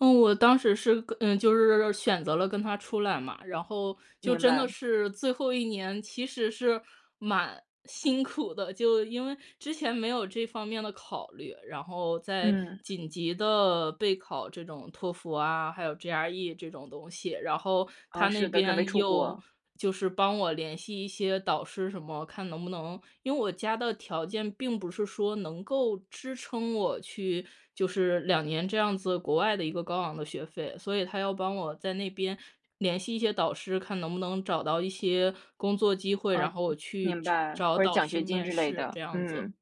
嗯，我当时是，嗯，就是选择了跟他出来嘛，然后就明真的白。是最后一年其实是蛮辛苦的。就因为之前没有这方面的考虑，然后在嗯。紧急地备考这种托福啊，还有 GRE 这种东西。然后他啊，那是的，准备边出又国。就是帮我联系一些导师什么，看能不能因为我家的条件并不是说能够支撑我去就是2年这样子国外的一个高昂的学费。所以他要帮我在那边联系一些导师，看能不能找到一些工作机会，哦，然明后我去明找白。找或者导奖师学金面之类试的，这样子。嗯。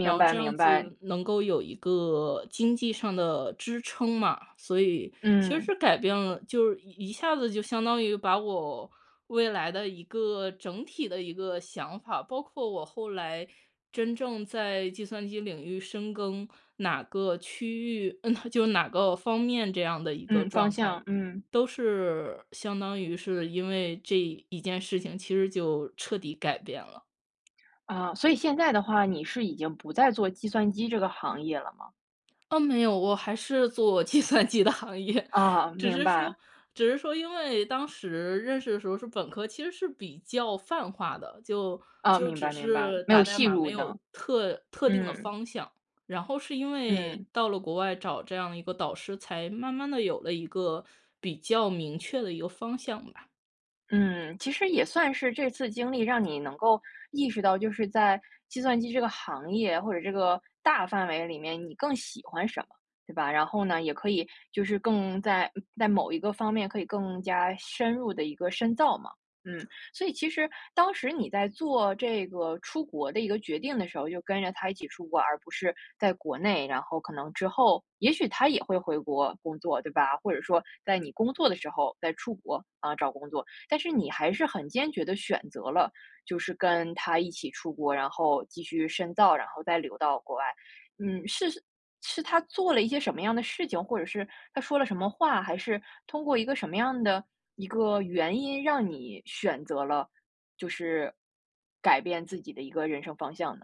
然后白这样明白。子能够有一个经济上的支撑嘛，所以其嗯。实改变了就是一下子就相当于把我未来的一个整体的一个想法包括我后来真正在计算机领域深耕，哪个区域嗯，就哪个方面，这样的一个嗯，方状态，向，嗯。都是相当于是因为这一件事情其实就彻底改变了。啊，所以现在的话，你是已经不再做计算机这个行业了吗？哦，没有。我还是做计算机的行业，哦，只明是白。说只是说因为当时认识的时候是本科，其实是比较泛化的，就哦，就明白只明白，是没有打代细码没入呢。有特特定的嗯。方向，然后是因为嗯。到了国外找这样一个导师，才慢慢地有了一个比较明确的一个方向吧。嗯，其实也算是这次经历让你能够意识到就是在计算机这个行业，或者这个大范围里面，你更喜欢什么，对吧？然后呢，也可以就是更在在某一个方面可以更加深入地一个深造嘛。嗯，所以其实当时你在做这个出国的一个决定的时候，就跟着他一起出国，而不是在国内，然后可能之后也许他也会回国工作，对吧？或者说在你工作的时候再出国，啊，找工作，但是你还是很坚决地选择了就是跟他一起出国，然后继续深造，然后再留到国外。嗯，是是他做了一些什么样的事情，或者是他说了什么话，还是通过一个什么样的一个原因，让你选择了，就是改变自己的一个人生方向呢？